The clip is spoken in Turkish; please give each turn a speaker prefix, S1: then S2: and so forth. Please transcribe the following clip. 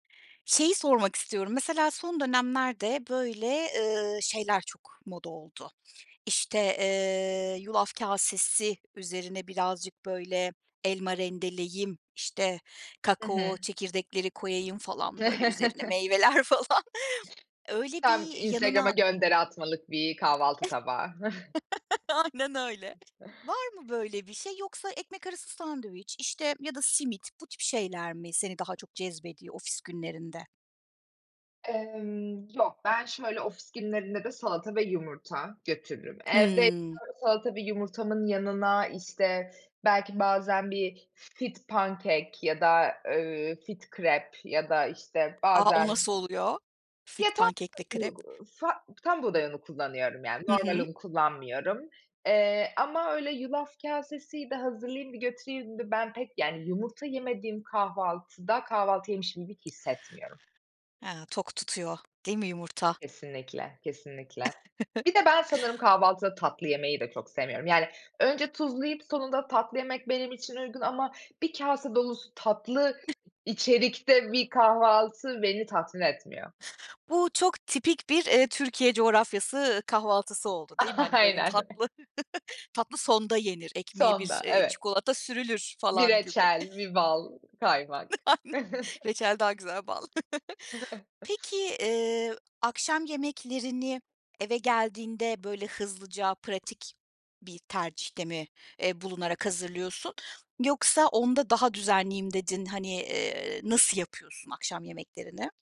S1: Şeyi sormak istiyorum, mesela, son dönemlerde, böyle, ııı, şeyler çok moda oldu. İşte, eee, yulaf kasesi üzerine birazcık, böyle, elma rendeleyeyim, işte,
S2: I
S1: kakao
S2: hı.
S1: çekirdekleri koyayım falan, böyle, üzerine meyveler, falan. Öyle
S2: Tam
S1: bir
S2: Instagram'a
S1: yanına
S2: gönderi atmalık bir kahvaltı tabağı.
S1: Aynen öyle. Var mı böyle bir şey yoksa ekmek arası sandviç, işte, ya da simit, bu tip şeyler mi seni daha çok cezbediyor ofis günlerinde?
S2: Emm, yok ben şöyle ofis günlerinde de salata ve yumurta götürürüm. Evdeysem
S1: Hımm.
S2: salata ve yumurtamın yanına, işte, belki bazen bir fit pankek ya da, ııı, fit krep ya da, işte,
S1: A! O
S2: bazen
S1: nasıl oluyor?
S2: Ya
S1: Fit
S2: tam,
S1: pankekle krep.
S2: [unintelligible] fa tam buğday unu kullanıyorum, yani,
S1: Hı
S2: normal
S1: hı.
S2: un kullanmıyorum, eee, ama öyle yulaf kasesiydi, hazırlayayım da götüreyim de, ben pek, yani yumurta yemediğim kahvaltıda, kahvaltı yemişim gibi hissetmiyorum.
S1: He. Tok tutuyor, değil mi yumurta?
S2: Kesinlikle, kesinlikle. Bir de ben sanırım kahvaltıda tatlı yemeyi de çok sevmiyorum. Yani, önce tuzlu yiyip sonunda tatlı yemek benim için uygun ama bir kase dolusu tatlı içerikte bir kahvaltı beni tatmin etmiyor.
S1: Bu çok tipik bir, eee, Türkiye coğrafyası kahvaltısı oldu, değil mi? Hani, böyle
S2: Aynen.
S1: tatlı, tatlı sonda yenir. Ekmeğe bir,
S2: Sonda,
S1: eee,
S2: evet.
S1: çikolata sürülür,
S2: Bir
S1: falan gibi.
S2: reçel, bir bal, kaymak.
S1: [unintelligible] Reçel daha güzel bal. Peki, eee, akşam yemeklerini eve geldiğinde, böyle, hızlıca pratik bir tercihte mi, eee, bulunarak hazırlıyorsun? Yoksa onda daha düzenliyim dedin. Hani, eee, nasıl yapıyorsun akşam yemeklerini?